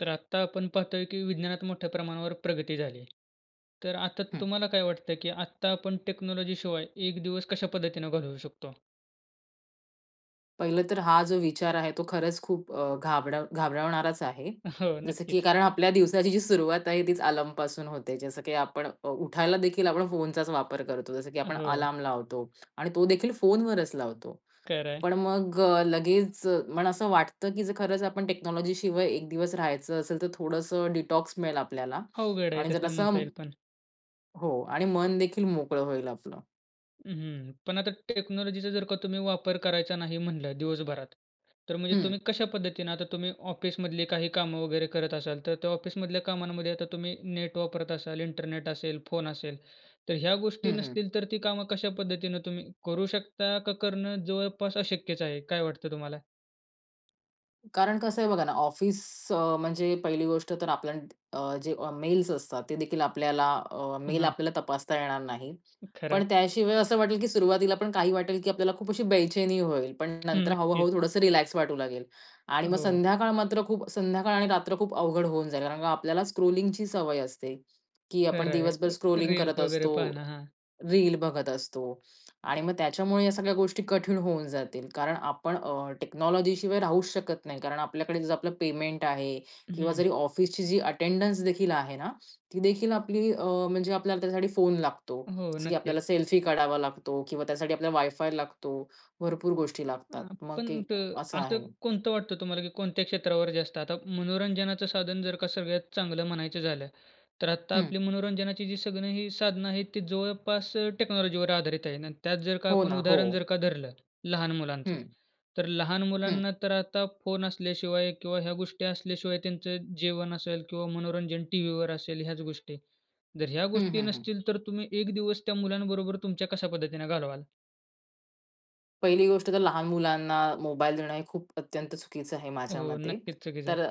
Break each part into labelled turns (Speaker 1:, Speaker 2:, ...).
Speaker 1: तर आत्ता आपण पाहतोय, की विज्ञानात मोठ्या प्रमाणावर प्रगती झाली आहे, तर आता
Speaker 2: हं.
Speaker 1: तुम्हाला काय वाटतं, की आत्ता आपण टेक्नॉलॉजी शिवाय एक दिवस कशा पद्धतीनं घालवू शकतो?
Speaker 2: पहिलं तर, हा जो विचार आहे, तो खरंच खूप अ, घाबरड घाबरवणाराचं आहे.
Speaker 1: अ, हो.
Speaker 2: जसं की
Speaker 1: नक्कीच.
Speaker 2: कारण आपल्या दिवसाची जी सुरुवात आहे, तीच अलार्म पासून होते, जसं की आपण अ, उठायला देखील, आपण फोनचाच वापर करतो, जसं की
Speaker 1: अ,
Speaker 2: आपण
Speaker 1: हो.
Speaker 2: अलार्म लावतो. आणि तो देखील फोनवरच लावतो.
Speaker 1: खरं आहे.
Speaker 2: पण मग अ, लगेच मला असं वाटतं, की जर खरंच आपण टेक्नॉलॉजी शिवाय एक दिवस राहायचं असेल, तर थोडंसं डिटॉक्स मिळेल आपल्याला.
Speaker 1: अवघड आहे,
Speaker 2: आणि जर
Speaker 1: तसं म्हणता
Speaker 2: असं
Speaker 1: येईल पण.
Speaker 2: हो, आणि मन देखील मोकळं होईल आपलं.
Speaker 1: हं, हं. पण आता टेक्नॉलॉजीचा जर का तुम्ही वापर करायचा नाही म्हटलं दिवसभरात, तर म्हणजे तुम्ही
Speaker 2: हं.
Speaker 1: कशा पद्धतीने, आता तुम्ही ऑफिसमधली काही कामं वगैरे करत असाल, तर त्या ऑफिसमधल्या कामांमध्ये आता तुम्ही नेट वापरत असाल, इंटरनेट असेल, फोन असेल, तर ह्या गोष्टी
Speaker 2: हं, हं.
Speaker 1: नसतील, तर ती कामं कशा पद्धतीने तुम्ही करू शकता, का करणं जवळपास अशक्यच आहे? काय वाटतं तुम्हाला?
Speaker 2: कारण कसं आहे बघा ना, ऑफिस अ, म्हणजे पहिली गोष्ट तर, आपल्या अ, जे मेल्स असतात, ते देखील आपल्याला अ, मेल
Speaker 1: हां.
Speaker 2: आपल्याला तपासता येणार नाही.
Speaker 1: खरं आहे.
Speaker 2: पण त्याशिवाय असं वाटेल, की सुरुवातीला पण काही वाटेल, की आपल्याला खूप अशी बेचैनी होईल. पण
Speaker 1: हं.
Speaker 2: नंतर, हळू-हळू
Speaker 1: नक्कीच.
Speaker 2: थोडंसं रिलॅक्स वाटू लागेल. आणि मग
Speaker 1: हो.
Speaker 2: संध्याकाळ मात्र खूप, संध्याकाळ आणि रात्र खूप अवघड होऊन जाईल. कारण का? आपल्याला स्क्रॉलिंगची सवय असते, की आपण
Speaker 1: खरं आहे.
Speaker 2: दिवसभर
Speaker 1: अ,
Speaker 2: स्क्रॉलिंग
Speaker 1: रील्स
Speaker 2: करत
Speaker 1: वगैरे
Speaker 2: असतो.
Speaker 1: पाहणं. हां.
Speaker 2: रील बघत असतो. आणि मग त्याच्यामुळे या सगळ्या गोष्टी कठीण होऊन जातील. कारण आपण अ, टेक्नॉलॉजी शिवाय राहूच शकत नाही. कारण आपल्याकडे जर आपलं पेमेंट आहे. किंवा
Speaker 1: हं.
Speaker 2: जरी ऑफिसची जी अटेंडन्स देखील आहे ना, ती देखील आपली अ, म्हणजे आपल्याला त्यासाठी फोन लागतो,
Speaker 1: हो.
Speaker 2: जसं की आपल्याला
Speaker 1: नक्कीच.
Speaker 2: सेल्फी काढावा लागतो किंवा त्यासाठी आपल्याला वायफाय लागतो. भरपूर गोष्टी
Speaker 1: अ,
Speaker 2: लागतात. मग
Speaker 1: आपण
Speaker 2: ते
Speaker 1: तर,
Speaker 2: असं
Speaker 1: असं
Speaker 2: आहे.
Speaker 1: कोणतं वाटतं तुम्हाला? की कोणत्या क्षेत्रावर जास्त आता मनोरंजनाचं साधन, जर का सगळ्यात चांगलं म्हणायचं झालं, तर आत्ता
Speaker 2: हं.
Speaker 1: आपली मनोरंजनाची जी सगळी ही साधनं आहेत, ती जवळपास अ, टेक्नॉलॉजीवर आधारित आहे. आणि त्यात, जर का
Speaker 2: हो
Speaker 1: आपण
Speaker 2: ना.
Speaker 1: उदाहरण,
Speaker 2: हो.
Speaker 1: जर का धरलं लहान मुलांचं,
Speaker 2: हं.
Speaker 1: तर लहान
Speaker 2: हं.
Speaker 1: मुलांना तर आता फोन असल्याशिवाय किंवा ह्या गोष्टी असल्याशिवाय, त्यांचं जेवण असेल किंवा मनोरंजन टीव्हीवर असेल, ह्याच गोष्टी. जर ह्या
Speaker 2: हं,
Speaker 1: गोष्टी
Speaker 2: हं, हं.
Speaker 1: नसतील, तर तुम्ही एक दिवस त्या मुलांबरोबर तुमच्या कशा पद्धतीने घालवाल?
Speaker 2: पहिली गोष्ट तर लहान मुलांना मोबाईल देणं हे खूप अत्यंत चुकीचं आहे माझ्या
Speaker 1: हो
Speaker 2: मते.
Speaker 1: नक्कीच चुकीच आहे.
Speaker 2: तर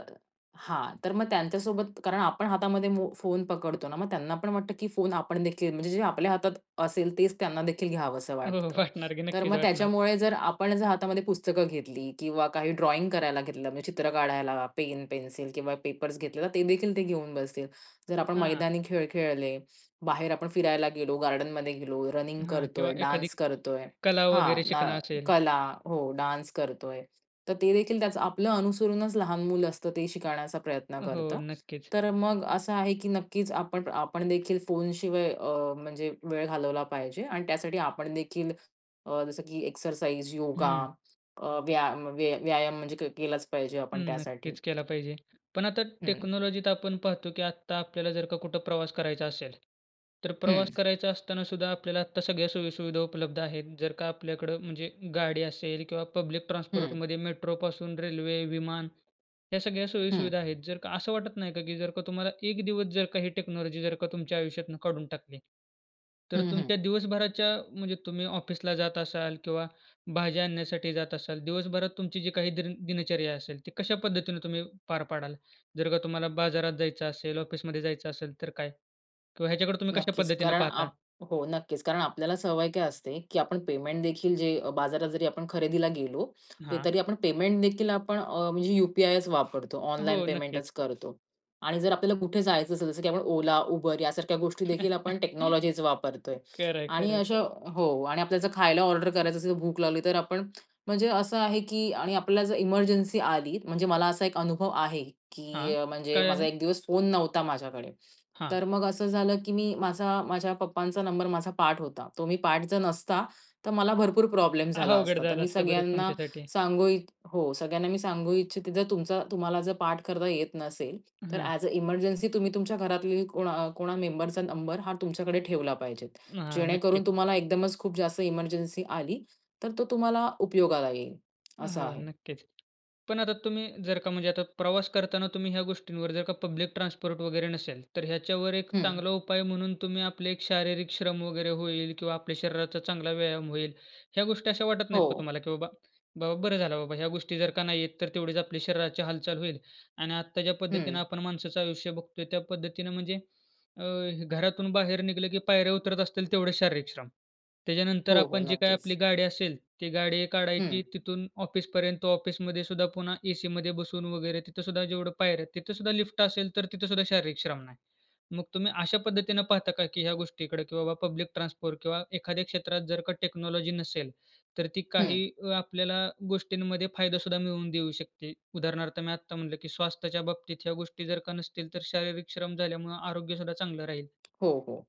Speaker 2: हां. तर मग त्यांच्या सोबत, कारण आपण हातामध्ये मो फोन पकडतो ना, मग त्यांना पण वाटतं, की फोन आपण देखील म्हणजे जे आपल्या हातात असेल तेच त्यांना देखील घ्यावसं
Speaker 1: हो, हो.
Speaker 2: वाटतं.
Speaker 1: वाटणार की
Speaker 2: तर
Speaker 1: नक्कीच
Speaker 2: मग
Speaker 1: वाटणार.
Speaker 2: त्याच्यामुळे जर आपण जर हातामध्ये पुस्तकं घेतली किंवा काही ड्रॉइंग करायला घेतलं. म्हणजे चित्र काढायला, पेन, पेन्सिल किंवा पेपर्स घेतले. तर ते देखील ते घेऊन बसतील. जर आपण
Speaker 1: हां.
Speaker 2: मैदानी खेळ खेळले. बाहेर आपण फिरायला गेलो. गार्डनमध्ये गेलो. रनिंग
Speaker 1: हां. किंवा
Speaker 2: करतोय.
Speaker 1: एखादी
Speaker 2: डान्स करतोय.
Speaker 1: कला
Speaker 2: हां.
Speaker 1: वगैरे
Speaker 2: ना
Speaker 1: शिकणं असेल.
Speaker 2: कला. हो, डान्स करतोय. तर ते देखील त्याचं आपलं अनुसरूनच लहान मुलं असतं ते शिकण्याचा प्रयत्न
Speaker 1: हो,
Speaker 2: करतं.
Speaker 1: नक्कीच.
Speaker 2: तर मग असं आहे, की नक्कीच आपण, आपण देखील फोन शिवाय अ, म्हणजे वेळ घालवला पाहिजे. आणि त्यासाठी आपण देखील अ, जसं की एक्सरसाइज, योगा
Speaker 1: हं.
Speaker 2: अ, व्याया व्यायाम म्हणजे के केलाच पाहिजे
Speaker 1: हं,
Speaker 2: आपण त्यासाठी.
Speaker 1: नक्कीच केला पाहिजे. पण आता
Speaker 2: हं.
Speaker 1: टेक्नॉलॉजीत आपण पाहतो की आत्ता आपल्याला जर का कुठं प्रवास करायचा असेल, तर प्रवास
Speaker 2: हं.
Speaker 1: करायचा असताना सुद्धा आपल्याला आत्ता सगळ्या सोयीसुविधा उपलब्ध आहेत. जर का आपल्याकडं म्हणजे गाडी असेल किंवा पब्लिक
Speaker 2: हं.
Speaker 1: ट्रान्सपोर्टमध्ये, मेट्रोपासून रेल्वे, विमान या सगळ्या
Speaker 2: हं.
Speaker 1: सोयीसुविधा आहेत. जर का असं वाटत नाही का की जर का तुम्हाला एक दिवस जर का ही टेक्नॉलॉजी जर का तुमच्या आयुष्यातुन काढून टाकली, तर
Speaker 2: हं, हं.
Speaker 1: तुमच्या दिवसभराच्या म्हणजे तुम्ही ऑफिसला जात असाल किंवा भाज्या आणण्यासाठी जात असाल. दिवसभरात तुमची जी काही दिन दिनचर्या असेल. ती कशा पद्धतीने तुम्ही पार पाडाल? जर का तुम्हाला बाजारात जायचं असेल, ऑफिसमध्ये जायचं असेल तर काय? किंवा ह्याच्याकडे तुम्ही कशा
Speaker 2: नक्कीच.
Speaker 1: पद्धतीने
Speaker 2: कारण
Speaker 1: पाहता?
Speaker 2: आप हो, नक्कीच. कारण आपल्याला सवय काय असते, की आपण पेमेंट देखील जे अ, बाजारात जरी आपण खरेदीला गेलो,
Speaker 1: हां.
Speaker 2: तरी आपण पेमेंट देखील आपण अ, म्हणजे यू-पी-आयच वापरतो. ऑनलाईन
Speaker 1: हो,
Speaker 2: पेमेंटच
Speaker 1: नक्कीच.
Speaker 2: करतो. आणि जर आपल्याला कुठे जायचं असेल जसं, की आपण Ola, Uber यासारख्या गोष्टी देखील आपण टेक्नॉलॉजीज वापरतोय.
Speaker 1: खरं आहे,
Speaker 2: आणि
Speaker 1: खरं आहे.
Speaker 2: अशा हो आणि आपल्या जर खायला ऑर्डर करायचं असेल तर भूक लावली तर आपण, म्हणजे असं आहे की आणि आपल्याला जर एमर्जन्सी आली. म्हणजे मला असा एक अनुभव आहे,
Speaker 1: हां.
Speaker 2: की म्हणजे
Speaker 1: काय
Speaker 2: माझा
Speaker 1: आहे?
Speaker 2: 1 दिवस फोन नव्हता माझ्याकडे.
Speaker 1: हां.
Speaker 2: तर मग असं झालं, की मी माझा, माझ्या पप्पांचा नंबर माझा पाठ होता. तो मी पाठ जर नसता, तर मला भरपूर प्रॉब्लेम झाला
Speaker 1: अवघड
Speaker 2: असता. तर
Speaker 1: झालं
Speaker 2: मी
Speaker 1: असतं, बरच
Speaker 2: सगळ्यांना
Speaker 1: तुमच्यासाठी.
Speaker 2: सांगू इ हो सगळ्यांना मी सांगू इच्छिते जर तुमचा तुम्हाला जर पाठ करता येत नसेल, तर
Speaker 1: हां.
Speaker 2: ऍस अ एमर्जन्सी तुम्ही तुमच्या घरातली कोणा कोणा मेंबरचा नंबर हा तुमच्याकडे ठेवला पाहिजे.
Speaker 1: हां. नक्की.
Speaker 2: जेणेकरून तुम्हाला एकदमच खूप जास्त एमर्जन्सी आली, तर तो तुम्हाला उपयोगाला येईल. असं
Speaker 1: हो
Speaker 2: आहे.
Speaker 1: नक्कीच. पण आता तुम्ही जर का म्हणजे आता प्रवास करताना तुम्ही ह्या गोष्टींवर जर का पब्लिक ट्रान्सपोर्ट वगैरे नसेल, तर ह्याच्यावर एक
Speaker 2: हं.
Speaker 1: चांगला उपाय म्हणून तुम्ही आपले एक शारीरिक श्रम वगैरे होईल किंवा आपल्या शरीराचा चांगला व्यायाम होईल. ह्या गोष्टी अशा वाटत नाहीत का
Speaker 2: हो.
Speaker 1: तुम्हाला की बाबा, बाबा बरं झालं बाबा, ह्या गोष्टी जर का नाही आहेत तर तेवढीच आपल्या शरीराची हालचाल होईल. आणि आत्ता ज्या
Speaker 2: हं.
Speaker 1: पद्धतीनं आपण माणसाचं आयुष्य बघतोय त्या पद्धतीनं म्हणजे, अ, घरातून बाहेर निघलं, की पायऱ्या उतरत असतील तेवढेच शारीरिक श्रम. त्याच्यानंतर
Speaker 2: हो, हो.
Speaker 1: आपण जी काही
Speaker 2: नक्कीच.
Speaker 1: आपली गाडी असेल ती गाडी काढायची,
Speaker 2: हं.
Speaker 1: तिथून ऑफिसपर्यंत. ऑफिसमध्ये सुद्धा पुन्हा एसीमध्ये बसून वगैरे तिथे सुद्धा जेवढं पायऱ्या आहेत. तिथे सुद्धा लिफ्ट असेल तर तिथे सुद्धा शारीरिक श्रम नाही. मग तुम्ही अशा पद्धतीने पाहता का? की ह्या गोष्टीकडे की बाबा पब्लिक ट्रान्सपोर्ट किंवा एखाद्या क्षेत्रात जर का टेक्नॉलॉजी नसेल, तर ती
Speaker 2: हं.
Speaker 1: काही आपल्याला गोष्टींमध्ये फायदा सुद्धा मिळवून देऊ शकते. उदाहरणार्थ मी आत्ता म्हटलं, की स्वास्थ्याच्या बाबतीत ह्या गोष्टी जर का नसतील, तर शारीरिक श्रम झाल्यामुळं आरोग्य सुद्धा चांगलं राहील.
Speaker 2: हो, हो.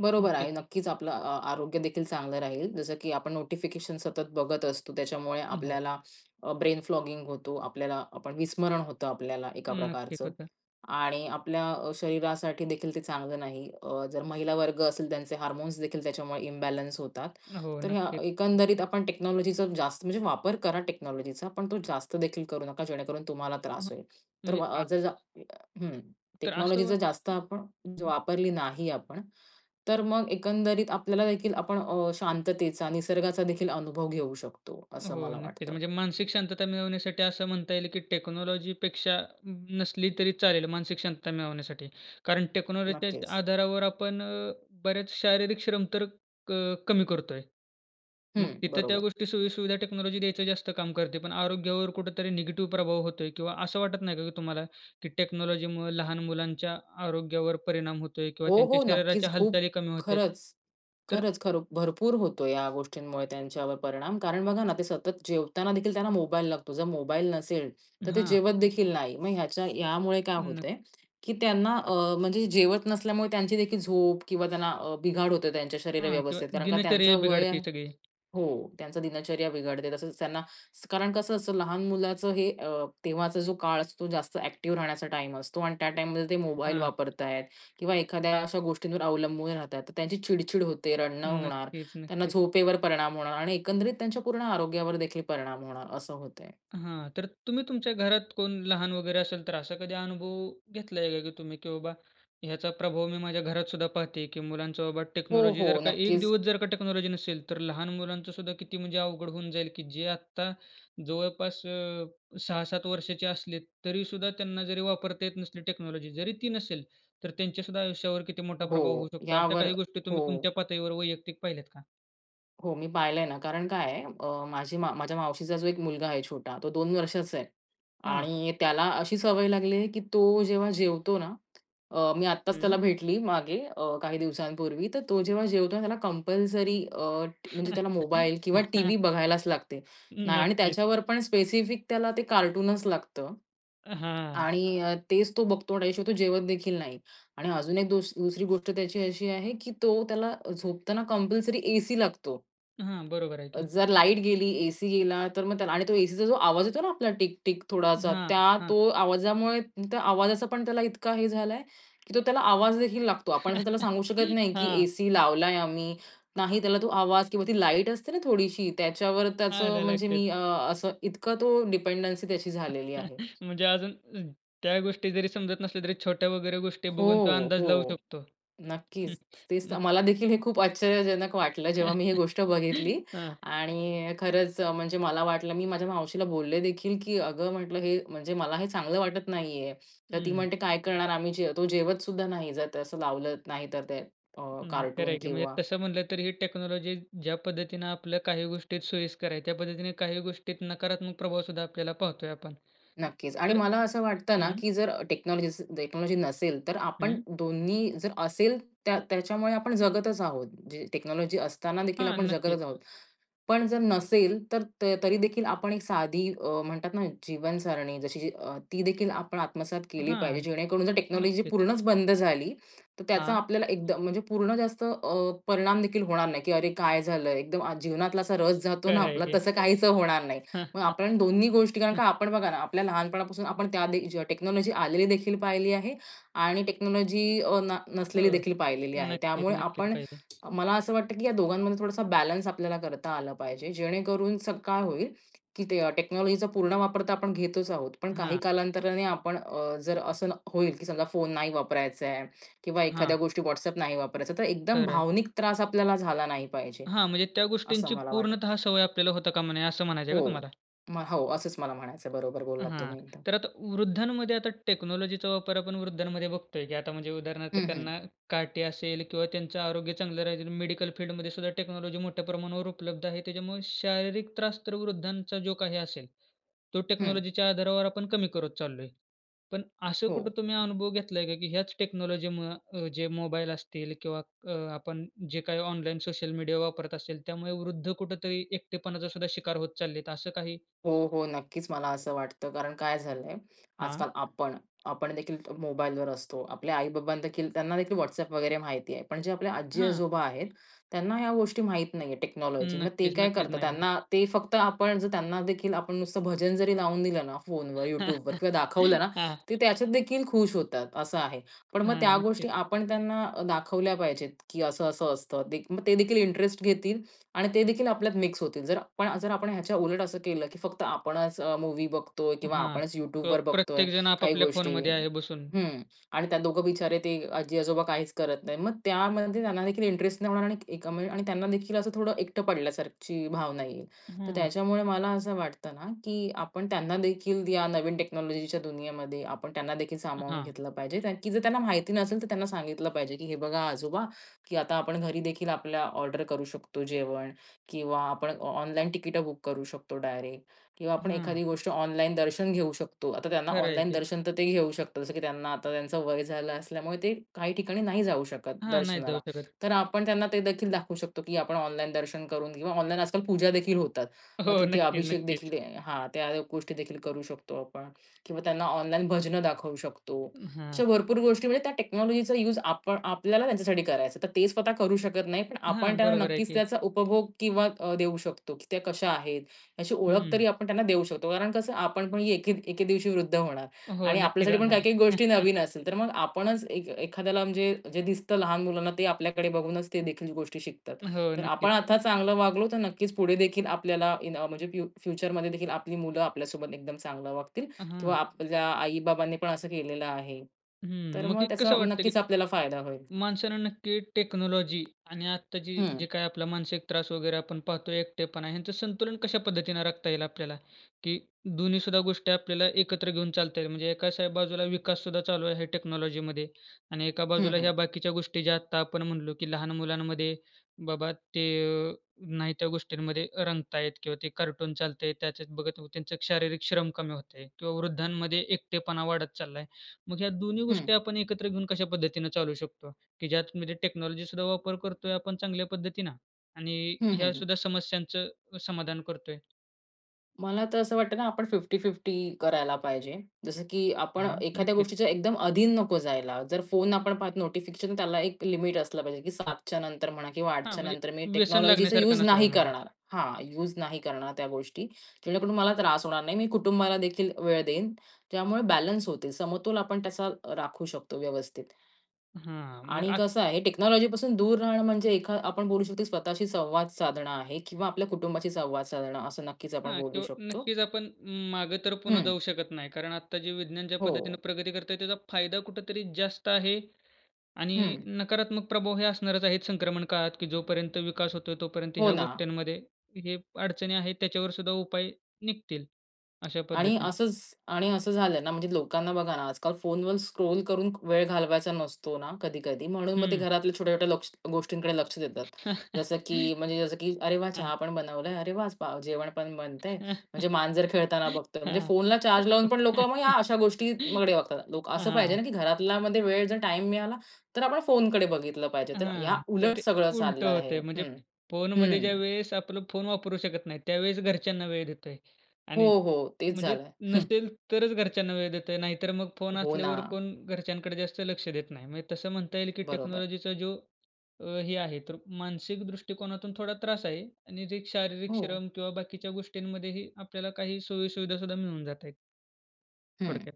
Speaker 2: बरोबर
Speaker 1: नक्कीच.
Speaker 2: आहे. नक्कीच आपलं अ आरोग्य देखील चांगलं राहील. जसं की आपण नोटिफिकेशन सतत बघत असतो. त्याच्यामुळे
Speaker 1: हं, हो.
Speaker 2: आपल्याला अ, ब्रेन फ्लॉगिंग होतो. आपल्याला आपण विस्मरण होतं आपल्याला एका
Speaker 1: नक्कीच
Speaker 2: प्रकारचं.
Speaker 1: होतं.
Speaker 2: आणि आपल्या अ, शरीरासाठी देखील ते चांगलं नाही. अ, जर महिलावर्ग असेल त्यांचे हार्मोन्स देखील त्याच्यामुळे इम्बॅलन्स होतात.
Speaker 1: हो,
Speaker 2: तर हं,
Speaker 1: नक्कीच.
Speaker 2: एकंदरीत आपण टेक्नॉलॉजीचा जास्त, म्हणजे वापर करा टेक्नॉलॉजीचा, पण तो जास्त देखील करू नका जेणेकरून तुम्हाला
Speaker 1: हं,
Speaker 2: त्रास होईल. तर व
Speaker 1: म्हणजे
Speaker 2: अ
Speaker 1: आ
Speaker 2: ज जा हं.
Speaker 1: तर असं
Speaker 2: टेक्नॉलॉजी जर
Speaker 1: वाटतं
Speaker 2: जास्त आपण वापरली नाही आपण, तर मग एकंदरीत आपल्यालादेखील आपण अ, शांततेचा, निसर्गाचा देखील अनुभव घेऊ शकतो असं
Speaker 1: हो,
Speaker 2: मला
Speaker 1: नक्कीच.
Speaker 2: वाटतं.
Speaker 1: म्हणजे मानसिक शांतता मिळवण्यासाठी असं म्हणता येईल, की टेक्नॉलॉजीपेक्षा नसली, तरी चालेल मानसिक शांतता मिळवण्यासाठी. कारण टेक्नॉलॉजीच्या
Speaker 2: नक्कीच.
Speaker 1: आधारावर आपण अ, बरेच शारीरिक श्रम तर क कमी करतोय. मग
Speaker 2: हं,
Speaker 1: तिथं त्या
Speaker 2: बरोबर.
Speaker 1: गोष्टी सोयीसुविधा टेक्नॉलॉजी द्यायचं जास्त काम करते. पण आरोग्यावर कुठेतरी निगेटिव्ह प्रभाव होतोय किंवा असं वाटत नाही का की तुम्हाला, की टेक्नॉलॉजीमुळं लहान मुलांच्या आरोग्यावर परिणाम होतोय किंवा
Speaker 2: हो,
Speaker 1: त्यांच्या
Speaker 2: हो. नक्कीच,
Speaker 1: शरीराच्या
Speaker 2: खूप
Speaker 1: हालचाली कमी होत आहेत?
Speaker 2: खरंच.
Speaker 1: तर
Speaker 2: खरंच, खरं भरपूर होतो या गोष्टींमुळे त्यांच्यावर परिणाम. कारण बघा ना ते सतत जेवताना देखील त्यांना मोबाईल लागतो. जर मोबाईल नसेल, तर ते
Speaker 1: हां.
Speaker 2: जेवत देखील नाही. मग ह्याच्या ह्यामुळे काय होत
Speaker 1: नक
Speaker 2: आहे, की त्यांना अ, म्हणजे जेवत नसल्यामुळे त्यांची देखील झोप किंवा त्यांना अ, बिघाड होते त्यांच्या शरीर
Speaker 1: हां. किंवा
Speaker 2: व्यवस्थेत. कारण का
Speaker 1: दिनचर्या
Speaker 2: त्यांचं वय
Speaker 1: बिघडते सगळी.
Speaker 2: हो. त्यांचा दिनचर्या बिघडते. तसंच त्यांना कारण कसं असतं लहान मुलाचं हे अ, तेव्हाचा जो काळ असतो. जास्त एक्टिव्ह राहण्याचा टाईम असतो. आणि त्या टाईममध्ये ते मोबाईल
Speaker 1: हां.
Speaker 2: वापरत आहेत किंवा एखाद्या अशा गोष्टींवर अवलंबून राहतात. तर त्यांची चिड-चिड होते, रडणं
Speaker 1: हं.
Speaker 2: होणार.
Speaker 1: नक्कीच,
Speaker 2: त्यांना
Speaker 1: नक्कीच.
Speaker 2: झोपेवर परिणाम होणार आणि एकंदरीत त्यांच्या पूर्ण आरोग्यावर देखील परिणाम होणार असं होत आहे.
Speaker 1: हां. तर तुम्ही तुमच्या घरात कोण लहान वगैरे असेल तर असा कधी अनुभव घेतला आहे, का की तुम्ही की बाबा, ह्याचा प्रभाव मी माझ्या घरात सुद्धा पाहते, की मुलांचं बाबा
Speaker 2: हो,
Speaker 1: टेक्नॉलॉजी जर
Speaker 2: हो.
Speaker 1: का 1
Speaker 2: नक्कीच.
Speaker 1: दिवस जर का टेक्नॉलॉजी नसेल, तर लहान मुलांचं सुद्धा किती म्हणजे अवघड होऊन जाईल, की जे आत्ता जवळपास अ, 6-7 वर्षाचे असले तरीसुद्धा त्यांना जरी वापरता येत नसली टेक्नॉलॉजी जरी ती नसेल, तर त्यांच्या सुद्धा आयुष्यावर किती मोठा प्रभाव होऊ
Speaker 2: हो.
Speaker 1: शकतो? अशा
Speaker 2: यावर
Speaker 1: काही गोष्टी तुम्ही
Speaker 2: हो.
Speaker 1: तुमच्या पातळीवर वैयक्तिक पाहिल्यात का?
Speaker 2: हो मी पाहिलंय ना. कारण काय आहे अ, माझी माव माझ्या मावशीचा जो एक मुलगा आहे छोटा, तो 2 वर्षाचा आहे
Speaker 1: हं.
Speaker 2: आणि त्याला अशी सवय लागली आहे, की तो जेव्हा जेवतो ना अ, मी आत्ताच त्याला
Speaker 1: हं.
Speaker 2: भेटली मागे अ, काही दिवसांपूर्वी. तर तो जेव्हा जेवतो ना त्याला कंपल्सरी अ, टी म्हणजे त्याला मोबाईल किंवा टीव्ही बघायलाच लागतो नाय आणि
Speaker 1: नक्कीच.
Speaker 2: त्याच्यावर पण स्पेसिफिक त्याला ते कार्टूनच लागतं
Speaker 1: अ, हां.
Speaker 2: आणि अ, तेच तो बघतो आणि त्याच्याशिवाय तो जेवतदेखील नाही आणि अजून एक दुस दुसरी गोष्ट त्याची अशी आहे, की तो त्याला झोपताना कंपल्सरी एसी लागतो.
Speaker 1: हां, बरोबर आहे की.
Speaker 2: जर लाईट गेली, एसी गेला तर मग त्याला आणि तो एसीचा जो आवाज येतो ना आपला टिक टिक थोडासा,
Speaker 1: हां,
Speaker 2: त्या
Speaker 1: हां.
Speaker 2: तो आवाजामुळे त्या आवाजाचा पण त्याला इतका हे झालाय, की तो त्याला आवाजदेखील लागतो. आपण असं त्याला सांगू शकत नाही की
Speaker 1: हां.
Speaker 2: एसी लावलाय आम्ही. नाही त्याला तो आवाज किंवा ती लाईट असते ना थोडीशी त्याच्यावर त्याचं
Speaker 1: आलं
Speaker 2: म्हणजे
Speaker 1: लक्षात.
Speaker 2: मी अं, असं इतका तो डिपेंडन्सी त्याची झालेली आहे
Speaker 1: म्हणजे अजून न त्या गोष्टी जरी समजत नसल्या तरी छोट्या वगैरे गोष्टी बघून तो
Speaker 2: हो.
Speaker 1: अंदाज लावू
Speaker 2: हो.
Speaker 1: शकतो.
Speaker 2: नक्कीच. तेच तर.
Speaker 1: मग
Speaker 2: मला देखील हे खूप आश्चर्यजनक वाटलं, जेव्हा मी ही गोष्ट बघितली
Speaker 1: हं.
Speaker 2: आणि अ, खरंच म्हणजे मला वाटलं, मी माझ्या मावशीला बोलले देखील, की अगं म्हंटलं, "हे म्हणजे मला हे चांगलं वाटत नाहीये." तर ती
Speaker 1: हं.
Speaker 2: म्हणते, "काय करणार आम्ही? जे तो जेवत सुद्धा नाही. जर ते असं लावलं नाही तर ते अ,
Speaker 1: नाही खरं
Speaker 2: कार्टून
Speaker 1: आहे, की म्हणजे
Speaker 2: किंवा
Speaker 1: तसं म्हनलं तर ही टेक्नॉलॉजी ज्या पद्धतीनं आपल्याला काही गोष्टीत सोयीस्कर आहे, त्या पद्धतीने काही गोष्टीत नकारात्मक प्रभावसुद्धा आपल्याला पाहतोय आपण.
Speaker 2: नक्कीच, आणि
Speaker 1: तरं
Speaker 2: मला असं वाटतं ना,
Speaker 1: हं.
Speaker 2: की अ, जर टेक्नॉलॉजी असेल टेक्नॉलॉजी नसेल तर आपण
Speaker 1: हं.
Speaker 2: दोन्ही जर असेल त्या त्याच्यामुळे आपण जगतच आहोत. जी टेक्नॉलॉजी असताना देखील
Speaker 1: हां,
Speaker 2: आपण जगतच
Speaker 1: नक्कीच.
Speaker 2: आहोत. पण जर नसेल तर तरीदेखील आपण एक साधी अ, म्हणतात ना जीवनसरणी जशी ती देखील आपण आत्मसात केली पाहिजे.
Speaker 1: हां.
Speaker 2: जेणेकरून जर टेक्नॉलॉजी
Speaker 1: नक्कीच.
Speaker 2: पूर्णच बंद झाली, तर त्याचा
Speaker 1: हां.
Speaker 2: आपल्याला एकदम म्हणजे पूर्ण जास्त अ, परिणाम देखील होणार नाही, की अरे काय झालंय? एकदम आज जीवनातला असा रस जातो ना
Speaker 1: खरं आहे
Speaker 2: आपला,
Speaker 1: की.
Speaker 2: तसं काहीसं होणार नाही. मग आपण दोन्ही गोष्टी कारण का आपण बघा ना आपल्या लहानपणापासून आपण त्या दे टेक्नॉलॉजी आलेलीदेखील पाहिली आहे आणि टेक्नॉलॉजी अ, न
Speaker 1: हो,
Speaker 2: नसलेलीदेखील पाहिलेली आहे.
Speaker 1: नक्कीच,
Speaker 2: त्यामुळे
Speaker 1: नक्कीच
Speaker 2: आपण
Speaker 1: पाहिली.
Speaker 2: मला असं वाटतं, की या दोघांमध्ये थोडासा बॅलन्स आपल्याला करता आलं पाहिजे. जेणेकरून स काय होईल, की ते टेक्नॉलॉजीचा पूर्ण वापर तर आपण घेतच आहोत, पण काही
Speaker 1: हां.
Speaker 2: कालांतराने आपण जर अ, असं होईल, की समजा फोन नाही वापरायचं आहे किंवा
Speaker 1: हां.
Speaker 2: एखाद्या गोष्टीत WhatsApp नाही वापरायचाय, तर एकदम
Speaker 1: खरं आहे.
Speaker 2: भावनिक त्रास आपल्याला झाला नाही पाहिजे.
Speaker 1: हां, म्हणजे त्या
Speaker 2: असं
Speaker 1: गोष्टींची
Speaker 2: मला वाटतं
Speaker 1: पूर्णतः सवय आपल्याला होता कामा नये, असं म्हणायचं आहे
Speaker 2: हो
Speaker 1: का तुम्हाला?
Speaker 2: म हो, असंच मला म्हणायचंय. बरोबर
Speaker 1: अं,
Speaker 2: बोललात
Speaker 1: हां,
Speaker 2: तुम्ही एकदम.
Speaker 1: तर आता वृद्धांमध्ये आता टेक्नॉलॉजीचा वापर आपण वृद्धांमध्ये बघतोय, की आता म्हणजे उदाहरणार्थ
Speaker 2: हं, हं.
Speaker 1: त्यांना काठी असेल किंवा त्यांचं आरोग्य चांगलं राहीलं. मेडिकल फील्डमध्ये सुद्धा टेक्नॉलॉजी मोठ्या प्रमाणावर उपलब्ध आहे. त्याच्यामुळे शारीरिक त्रास तर वृद्धांचा जो काही असेल, तो
Speaker 2: हं.
Speaker 1: टेक्नॉलॉजीच्या आधारावर आपण कमी करत चाललोय. पण असं कुठं
Speaker 2: हो.
Speaker 1: तुम्ही अनुभव घेतलाय का? की ह्याच टेक्नॉलॉजीमुळं अं, जे मोबाईल असतील किंवा अ, आपण जे काही ऑनलाईन सोशल मीडिया वापरत असेल त्यामुळे वृद्ध कुठेतरी एकटेपणाचा सुद्धा शिकार होत चाललेत असं काही?
Speaker 2: हो, हो. नक्कीच, मला असं वाटतं, कारण काय झालंय,
Speaker 1: हां.
Speaker 2: आजकाल आपण, आपण देखील मोबाईल वर असतो. आपल्या आई-बाबांना देखील त्यांना देखील WhatsApp वगैरे माहिती आहे. पण जे आपल्या
Speaker 1: हां.
Speaker 2: आजी-आजोबा आहेत, त्यांना ह्या गोष्टी माहीत नाहीये
Speaker 1: अं,
Speaker 2: टेक्नॉलॉजी. मग ते
Speaker 1: नक्कीच,
Speaker 2: काय
Speaker 1: नक्कीच
Speaker 2: करतात,
Speaker 1: नाही [unintelligible]
Speaker 2: त्यांना ते फक्त आपण जर त्यांना देखील आपण नुसतं भजन जरी लावून दिलं ना फोनवर, YouTubeवर किंवा दाखवलं ना,
Speaker 1: हां.
Speaker 2: ते त्याच्यात देखील खुश होतात, असं आहे. पण
Speaker 1: अं,
Speaker 2: मग
Speaker 1: हां.
Speaker 2: त्या
Speaker 1: नक्कीच.
Speaker 2: गोष्टी आपण त्यांना दाखवल्या पाहिजेत, की असं, असं असतं. दे मग ते देखील घेतील आणि ते देखील आपल्यात मिक्स होतील. जर पण आपण ह्याच्या उलट असं केलं, की फक्त आपणच अ, मूव्ही बघतोय
Speaker 1: अं,
Speaker 2: किंवा
Speaker 1: हां
Speaker 2: आपणच
Speaker 1: तो
Speaker 2: YouTubeवर बघतोय
Speaker 1: प्रत्येक जण
Speaker 2: काही
Speaker 1: आपापल्या फोन
Speaker 2: गोष्टी.
Speaker 1: मध्ये आहे बसून.
Speaker 2: हं. आणि त्या दोघं बिचारे ते आजी-आजोबा काहीच करत नाहीत. मग त्यामध्ये त्यांना देखील इंटरेस्ट नाही होणार आणि आणि त्यांना देखील असं थोडं एकटं पडल्यासारखीची भावना येईल.
Speaker 1: अ,
Speaker 2: तर
Speaker 1: हं.
Speaker 2: त्याच्यामुळे मला असं वाटतं ना, की आपण त्यांना देखील या नवीन टेक्नॉलॉजीच्या दुनियेमध्ये, आपण त्यांना देखील
Speaker 1: अ,
Speaker 2: सामावून
Speaker 1: हां.
Speaker 2: घेतलं पाहिजे. कारण की जर त्यांना माहिती नसेल तर त्यांना सांगितलं पाहिजे, की "हे बघा आजोबा की आता आपण घरी देखील आपल्या ऑर्डर करू शकतो जेवण किंवा आपण ऑ ऑनलाईन तिकीटं बुक करू शकतो डायरेक्ट किंवा आपण
Speaker 1: हं.
Speaker 2: एखादी गोष्ट ऑनलाईन दर्शन घेऊ शकतो." आता त्यांना
Speaker 1: खरं आहे
Speaker 2: ऑनलाईन
Speaker 1: ते.
Speaker 2: दर्शन तर तेही घेऊ शकतात. जसं की त्यांना आता त्यांचं वय झालं असल्यामुळे ते काही ठिकाणी नाही जाऊ शकत
Speaker 1: हां, नाहीच
Speaker 2: दर्शनाला.
Speaker 1: जाऊ शकत.
Speaker 2: तर आपण त्यांना ते देखील दाखवू शकतो, की आपण ऑनलाईन दर्शन करून घेऊ. ऑनलाईन आजकाल पूजा देखील होतात.
Speaker 1: हो,
Speaker 2: मग
Speaker 1: हो,
Speaker 2: तिथे
Speaker 1: नक्कीच,
Speaker 2: अभिषेक
Speaker 1: नक्कीच.
Speaker 2: देखील हां, त्या गोष्टी देखील करू शकतो आपण किंवा त्यांना ऑनलाईन भजनं दाखवू शकतो.
Speaker 1: अं, हां.
Speaker 2: अशा भरपूर गोष्टी म्हणजे त्या टेक्नॉलॉजीचा युज आपण आपल्याला त्यांच्यासाठी करायचं आहे. तर ते स्वतः करू शकत नाही. आपण
Speaker 1: हां,
Speaker 2: त्यांना
Speaker 1: बरोबर आहे
Speaker 2: नक्कीच
Speaker 1: की.
Speaker 2: त्याचा उपभोग किंवा अ, देऊ शकतो की त्या कशा आहेत, अशी ओळख
Speaker 1: हं.
Speaker 2: तरी आपण त्यांना देऊ शकतो. कारण कसं आपण
Speaker 1: [unintelligible]
Speaker 2: पण एके दि एके दिवशी वृद्ध होणार
Speaker 1: अं, हो.
Speaker 2: आणि
Speaker 1: नक्की
Speaker 2: आपल्यासाठी पण
Speaker 1: जाणार
Speaker 2: काही
Speaker 1: आहे.
Speaker 2: काही गोष्टी नवीन असतील. तर मग आपणच एक एखाद्याला म्हणजे जे दिसतं लहान मुलांना ते आपल्याकडे बघूनच ते देखील गोष्टी शिकतात.
Speaker 1: हो,
Speaker 2: तर आपण
Speaker 1: नक्कीच.
Speaker 2: आता चांगलं वागलो तर नक्कीच पुढे देखील आपल्याला इन अ, म्हणजे फ्यु फ्युचरमध्ये देखील आपली मुलं आपल्यासोबत एकदम चांगलं वागतील किंवा
Speaker 1: अहं.
Speaker 2: आपल्या आई-बाबांनी पण असं केलेलं आहे. तर
Speaker 1: हं, मग
Speaker 2: मग
Speaker 1: एक
Speaker 2: त्याचा
Speaker 1: कसं वाटते, की
Speaker 2: नक्कीच आपल्याला फायदा होईल.
Speaker 1: माणसांना नक्की टेक्नॉलॉजी आणि आत्ता जी
Speaker 2: हं.
Speaker 1: जे काही आपला मानसिक त्रास वगैरे आपण पाहतोय, एकटेपणा ह्यांचं संतुलन कशा पद्धतीनं राखता येईल आपल्याला? की दोन्ही सुद्धा गोष्टी आपल्याला एकत्र घेऊन चालता येईल? म्हणजे एकाच बाजूला विकास सुद्धा चालू आहे टेक्नॉलॉजीमध्ये आणि एका
Speaker 2: हं,
Speaker 1: बाजूला
Speaker 2: हं.
Speaker 1: ह्या बाकीच्या गोष्टी ज्या आत्ता आपण म्हणालो, की लहान मुलांमध्ये बाबा ते अ, नाही त्या गोष्टींमध्ये अ, रंगतायत किंवा ते कार्टून चालतंय त्याच्यात बघत त्यांचं शारीरिक श्रम कमी होतंय किंवा वृद्धांमध्ये एकटेपणा वाढत चाललाय. मग ह्या दोन्ही
Speaker 2: हं.
Speaker 1: गोष्टी आपण एकत्र घेऊन कशा पद्धतीनं चालवू शकतो? की ज्यात म्हणजे टेक्नॉलॉजी सुद्धा वापर करतोय आपण चांगल्या पद्धतीनं आणि
Speaker 2: हं, हं,
Speaker 1: ह्या
Speaker 2: हं.
Speaker 1: सुद्धा समस्यांचं समाधान करतोय?
Speaker 2: मला तर असं वाटतं ना आपण 50-50 करायला पाहिजे. जसं की आपण
Speaker 1: हां.
Speaker 2: एखाद्या
Speaker 1: नक्कीच.
Speaker 2: गोष्टीचं एकदम अधीन नको जायला. जर फोन आपण पाहत नोटिफिकेशन त्याला एक लिमिट असलं पाहिजे की 7:00 च्या नंतर म्हणा किंवा 8:00
Speaker 1: हां,
Speaker 2: च्या
Speaker 1: म्हणजे
Speaker 2: नंतर मी
Speaker 1: व्यसन
Speaker 2: टेक्नॉलॉजीचा
Speaker 1: लागण्यासारखं
Speaker 2: युज नाही
Speaker 1: नसावं म्हणजे.
Speaker 2: करणार हां, युज नाही करणार त्या गोष्टी, जेणेकरून मला त्रास होणार नाही. मी कुटुंबाला देखील वेळ देईन. त्यामुळे बॅलन्स होतील. समतोल आपण त्याचा राखू शकतो व्यवस्थित.
Speaker 1: हां, मग
Speaker 2: आणि
Speaker 1: आक
Speaker 2: कसं आहे टेक्नॉलॉजीपासून दूर राहणं म्हणजे एखा आपण बोलू शकतो स्वतःशी संवाद साधणं आहे किंवा आपल्या कुटुंबाशी संवाद साधणं, असं नक्कीच आपण
Speaker 1: हां.
Speaker 2: बोलू
Speaker 1: किंवा
Speaker 2: शकतो.
Speaker 1: नक्कीच, आपण मागे तर पुन्हा
Speaker 2: हं.
Speaker 1: जाऊ शकत नाही. कारण आत्ता जे विज्ञान ज्या पद्धतीने
Speaker 2: हो.
Speaker 1: प्रगती करत आहे त्याचा फायदा कुठेतरी जास्त आहे. आणि
Speaker 2: हं.
Speaker 1: नकारात्मक प्रभाव हे असणारचं आहे संक्रमण काळात की जोपर्यंत विकास होतोय, तोपर्यंत
Speaker 2: हो
Speaker 1: ह्या
Speaker 2: ना.
Speaker 1: गोष्टींमध्ये हे अडचणी आहेत. त्याच्यावर सुद्धा उपाय निघतील, अशा
Speaker 2: आणि
Speaker 1: पद्धतीने.
Speaker 2: असंच आणि असं झालं ना, म्हणजे लोकांना बघा ना, आजकाल फोनवर स्क्रोल करून वेळ घालवायचा नसतो ना कधी-कधी. म्हणून मग ते
Speaker 1: हं.
Speaker 2: घरातल्या छोट्या-छोट्या लोक्स गोष्टींकडे लक्ष देतात. जसं की म्हणजे जसं की अरे वाह!
Speaker 1: हां.
Speaker 2: चहा पण बनवलंय. अरे वाह! आज पाव अ, जेवण पण बनतंय. म्हणजे मांजर खेळताना बघतोय. म्हणजे
Speaker 1: हां.
Speaker 2: फोनला चार्ज लावून पण लोकं मग या अशा गोष्टीकडे बघतात लोकं असं पाहिजे
Speaker 1: हां.
Speaker 2: ना, की घरातलामध्ये वेळ जर टाईम मिळाला, तर आपण फोनकडे बघितलं पाहिजे. तर या
Speaker 1: हां. तर
Speaker 2: उलट
Speaker 1: ते
Speaker 2: सगळं
Speaker 1: उलटं
Speaker 2: चाललं आहे
Speaker 1: होतंय, म्हणजे
Speaker 2: हं.
Speaker 1: फोनमध्ये
Speaker 2: हं.
Speaker 1: ज्यावेळेस आपलं फोन वापरू शकत नाही, त्यावेळेस घरच्यांना वेळ देतोय.
Speaker 2: हो,
Speaker 1: आणि
Speaker 2: हो. तेच
Speaker 1: म्हणजे
Speaker 2: झालं आहे.
Speaker 1: नसेल तरच घरच्यांना वेळ देतोय. नाहीतर मग फोन
Speaker 2: हो
Speaker 1: असल्यावर
Speaker 2: ना.
Speaker 1: कोण घरच्यांकडे जास्त लक्ष देत नाही. म्हणजे तसं म्हणता येईल की
Speaker 2: बरोबर.
Speaker 1: टेक्नॉलॉजीचा जो अ, हे आहे तर मानसिक दृष्टिकोनातून थोडा त्रास आहे आणि जे शारीरिक
Speaker 2: हो.
Speaker 1: श्रम किंवा बाकीच्या गोष्टींमध्येही आपल्याला काही सोयीसुविधा सुद्धा मिळून जात आहेत.
Speaker 2: हं.
Speaker 1: थोडक्यात.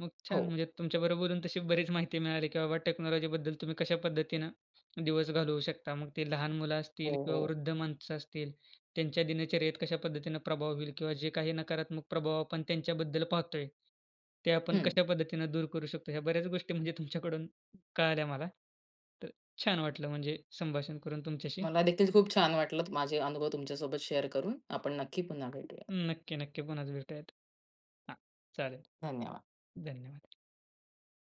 Speaker 1: मग छान
Speaker 2: हो.
Speaker 1: म्हणजे तुमच्याबरोबर बोलून तशी बरीचं माहिती मिळाली, की बाबा टेक्नॉलॉजीबद्दल तुम्ही कशा पद्धतीनं दिवस घालवू शकता. मग ते लहान मुलं
Speaker 2: हो,
Speaker 1: असतील किंवा
Speaker 2: हो.
Speaker 1: वृद्ध माणसं असतील त्यांच्या दिनचर्येत कशा पद्धतीनं प्रभाव होईल? किंवा जे काही नकारात्मक प्रभाव आपण त्यांच्याबद्दल पाहतोय, ते आपण
Speaker 2: हं.
Speaker 1: कशा पद्धतीनं दूर करू शकतो? ह्या बऱ्याचं गोष्टी म्हणजे तुमच्याकडून कळाल्या मला. तर छान वाटलं म्हणजे संभाषण करून तुमच्याशी.
Speaker 2: मला देखील खूप छान वाटलं, माझे अनुभव तुमच्यासोबत शेअर करून. आपण नक्की पुन्हा भेटूयात.
Speaker 1: नक्की, नक्की पुन्हा भेटुयात हां, चालेल.
Speaker 2: धन्यवाद.
Speaker 1: धन्यवाद.